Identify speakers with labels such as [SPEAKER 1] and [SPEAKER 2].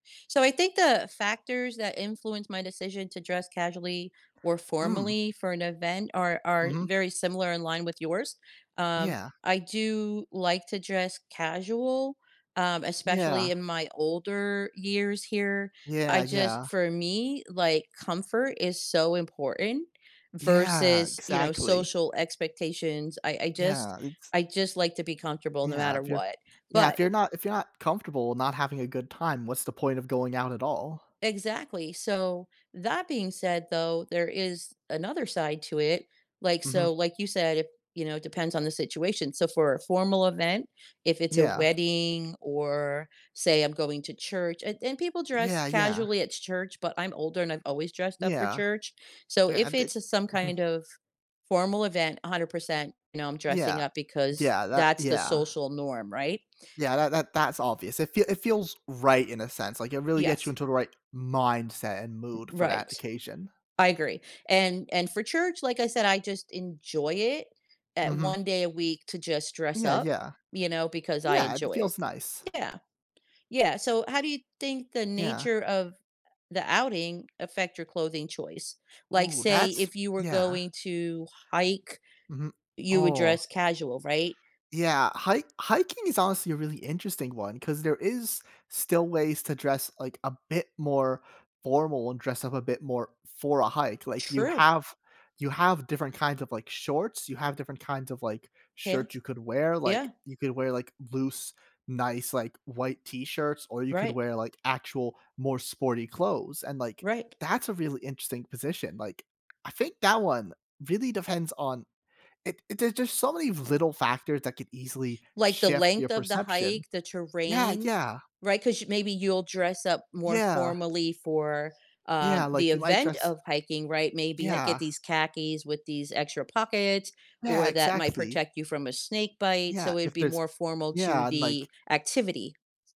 [SPEAKER 1] So I think the factors that influence my decision to dress casually or
[SPEAKER 2] Mm.
[SPEAKER 1] formally for an event are are
[SPEAKER 2] Mhm.
[SPEAKER 1] very similar in line with yours. Um,
[SPEAKER 2] Yeah.
[SPEAKER 1] I do like to dress casual, um, especially
[SPEAKER 2] Yeah.
[SPEAKER 1] in my older years here. I
[SPEAKER 2] Yeah,
[SPEAKER 1] just
[SPEAKER 2] yeah.
[SPEAKER 1] for me, like, comfort is so important
[SPEAKER 2] Yeah,
[SPEAKER 1] versus, you know,
[SPEAKER 2] exactly.
[SPEAKER 1] social expectations. I I just
[SPEAKER 2] Yeah, it's
[SPEAKER 1] I just like to be comfortable no
[SPEAKER 2] Yeah,
[SPEAKER 1] matter
[SPEAKER 2] if you're
[SPEAKER 1] what.
[SPEAKER 2] yeah,
[SPEAKER 1] But
[SPEAKER 2] if you're not if you're not comfortable and not having a good time, what's the point of going out at all?
[SPEAKER 1] Exactly. So that being said though, there is another side to it. Like
[SPEAKER 2] Mhm.
[SPEAKER 1] so like you said it, you know, depends on the situation. So for a formal event, if it's a
[SPEAKER 2] Yeah.
[SPEAKER 1] wedding or say I'm going to church and and people dress
[SPEAKER 2] Yeah, yeah.
[SPEAKER 1] casually at church, but I'm older and I've always dressed up for
[SPEAKER 2] Yeah.
[SPEAKER 1] church. So
[SPEAKER 2] Yeah, I
[SPEAKER 1] if
[SPEAKER 2] di
[SPEAKER 1] it's some
[SPEAKER 2] mhm.
[SPEAKER 1] kind of formal event, 100% you know, I'm dressing
[SPEAKER 2] Yeah.
[SPEAKER 1] up
[SPEAKER 2] D
[SPEAKER 1] because
[SPEAKER 2] yeah, that
[SPEAKER 1] that's the
[SPEAKER 2] yeah.
[SPEAKER 1] social norm, right?
[SPEAKER 2] Yeah, that that that's obvious. It fee it feels right in a sense, like, it really gets you
[SPEAKER 1] Yes.
[SPEAKER 2] into the right mindset and
[SPEAKER 1] R
[SPEAKER 2] mood for that
[SPEAKER 1] right.
[SPEAKER 2] occasion.
[SPEAKER 1] I agree. And and for church, like I said, I just enjoy it at
[SPEAKER 2] Mhm.
[SPEAKER 1] 1 day a week to just dress
[SPEAKER 2] Yeah,
[SPEAKER 1] up,
[SPEAKER 2] yeah.
[SPEAKER 1] you know, because I
[SPEAKER 2] Yeah, it
[SPEAKER 1] enjoy it.
[SPEAKER 2] feels nice.
[SPEAKER 1] Yeah. Yeah, so how do you think the
[SPEAKER 2] Yeah.
[SPEAKER 1] nature of the outing affect your clothing choice? Like,
[SPEAKER 2] Ooh,
[SPEAKER 1] say,
[SPEAKER 2] that's
[SPEAKER 1] if you were
[SPEAKER 2] yeah.
[SPEAKER 1] going to hike,
[SPEAKER 2] Mhm
[SPEAKER 1] you would
[SPEAKER 2] oh.
[SPEAKER 1] dress casual, right?
[SPEAKER 2] Yeah, hik hiking is honestly a really interesting one 'cause there is still ways to dress, like, a bit more formal and dress up a bit more for a hike. Like, you
[SPEAKER 1] True.
[SPEAKER 2] have you have different kinds of, like, shorts. You have different kinds of, like, shirts
[SPEAKER 1] Pants
[SPEAKER 2] you could wear, like,
[SPEAKER 1] yeah.
[SPEAKER 2] you could wear, like, loose, nice, like, white t-shirts, or you could
[SPEAKER 1] Right.
[SPEAKER 2] wear, like, actual more sporty clothes, and, like,
[SPEAKER 1] Right.
[SPEAKER 2] that's a really interesting position. Like, I think that one really depends on it it there's just so many little factors that could easily
[SPEAKER 1] Like, the
[SPEAKER 2] shift your
[SPEAKER 1] length of the hike,
[SPEAKER 2] perception.
[SPEAKER 1] the
[SPEAKER 2] Yeah,
[SPEAKER 1] terrain,
[SPEAKER 2] yeah.
[SPEAKER 1] right? 'Cause y maybe you'll dress up more
[SPEAKER 2] Yeah.
[SPEAKER 1] formally for,
[SPEAKER 2] Yeah,
[SPEAKER 1] um, the
[SPEAKER 2] like, you might
[SPEAKER 1] event
[SPEAKER 2] dress
[SPEAKER 1] of hiking, right? Maybe ha get
[SPEAKER 2] Yeah.
[SPEAKER 1] these khakis with these extra pockets
[SPEAKER 2] Yeah,
[SPEAKER 1] or that might
[SPEAKER 2] exactly.
[SPEAKER 1] protect you from a snake bite,
[SPEAKER 2] Yeah,
[SPEAKER 1] so it'd
[SPEAKER 2] if
[SPEAKER 1] be
[SPEAKER 2] there's
[SPEAKER 1] more formal to
[SPEAKER 2] yeah, and, like
[SPEAKER 1] the activity.